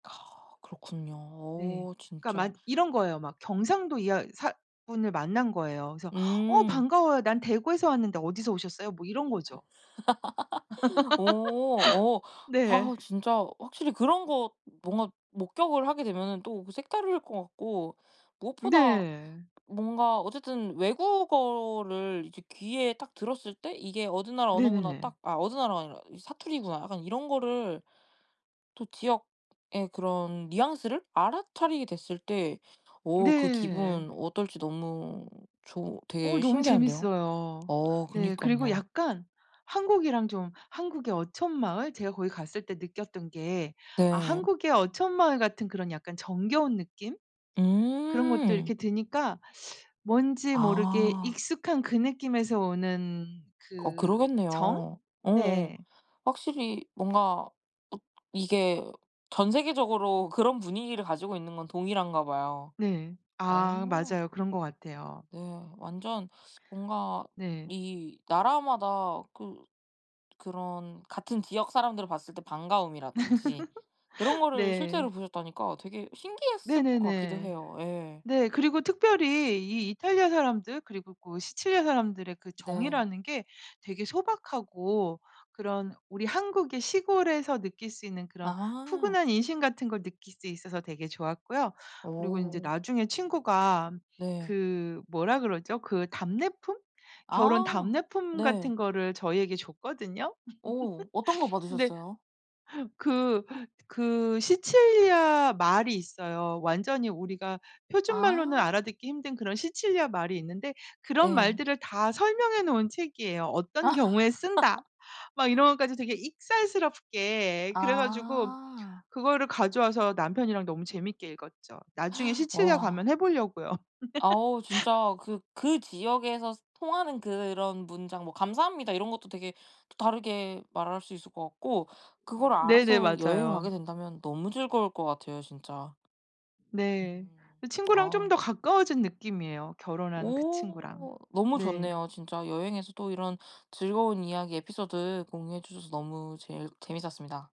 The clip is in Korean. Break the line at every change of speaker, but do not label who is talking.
그렇군요.
네.
어
그러니까
진짜.
맞 이런 거예요. 막 경상도 이야 사 분을 만난 거예요. 그래서 "어
음.
반가워요. 난 대구에서 왔는데 어디서 오셨어요?" 뭐 이런 거죠.
어 어. 와
네.
어 진짜 확실히 그런 거 뭔가 목격을 하게 되면은 또 색다를 것 같고 무엇보다
네.
뭔가 어쨌든 외국어를 이제 귀에 딱 들었을 때 '이게 어느 나라 언어구나.'
네네네.
딱 아 어느 나라가 아니라 '이 사투리구나.' 약간 이런 거를 또 지역의 그런 뉘앙스를 알아차리게 됐을 때 어 그
네.
기분 어떨지 너무 좋
어
되게
너무
신기한데요.
재밌어요.
어
네. 그리고
그니깐요.
약간 한국이랑 좀 한국의 어촌 마을 제가 거기 갔을 때 느꼈던 게 아
네.
한국의 어촌 마을 같은 그런 약간 정겨운 느낌? 그런 것도
음.
이렇게 드니까 뭔지 모르게
아.
익숙한 그 느낌에서 오는
어
그 정?
그러겠네요. 어어.
네.
확실히 뭔가 어 이게 전 세계적으로 그런 분위기를 가지고 있는 건 동일한가 봐요.
네. 아
어.
맞아요. 그런 것 같아요.
네. 완전 뭔가
네.
이 나라마다 그 그런 같은 지역 사람들을 봤을 때 반가움이라든지 그런 거를 실제로
네.
보셨다니까 되게 신기했을 것 같기도
네네네.
해요. 예.
네. 그리고 특별히 이 이탈리아 사람들 그리고 그 시칠리아 사람들의 그
네.
정이라는 게 되게 소박하고 그런 우리 한국의 시골에서 느낄 수 있는 그런
아.
푸근한 인심 같은 걸 느낄 수 있어서 되게 좋았고요. 그리고 인제
어.
나중에 친구가
네.
그 뭐라 그러죠, 그 답례품? 결혼
아.
답례품
네.
같은 거를 저희에게 줬거든요.
어 어떤 거
근데
받으셨어요?
그 그 시칠리아 말이 있어요. 완전히 우리가 표준말로는
아.
알아듣기 힘든 그런 시칠리아 말이 있는데 그런
네.
말들을 다 설명해 놓은 책이에요. 어떤 경우에 쓴다 막 이런 것까지 되게 익살스럽게 그래 가지고
아.
그거를 가져와서 남편이랑 너무 재밌게 읽었죠. 나중에 시칠리아
와.
가면 해 보려고요.
아오 진짜 그 그 지역에서 통하는 그런 문장 뭐 "감사합니다." 이런 것도 되게 또 다르게 말할 수 있을 것 같고 그거를
네네.
알아서 여행을
맞아요.
가게 된다면 너무 즐거울 것 같아요 진짜.
네. 그 친구랑 좀
아.
더 가까워진 느낌이에요 결혼한 그 친구랑.
오 너무
네.
좋네요. 진짜 여행에서 또 이런 즐거운 이야기 에피소드 공유해 주셔서 너무 제일 재밌었습니다.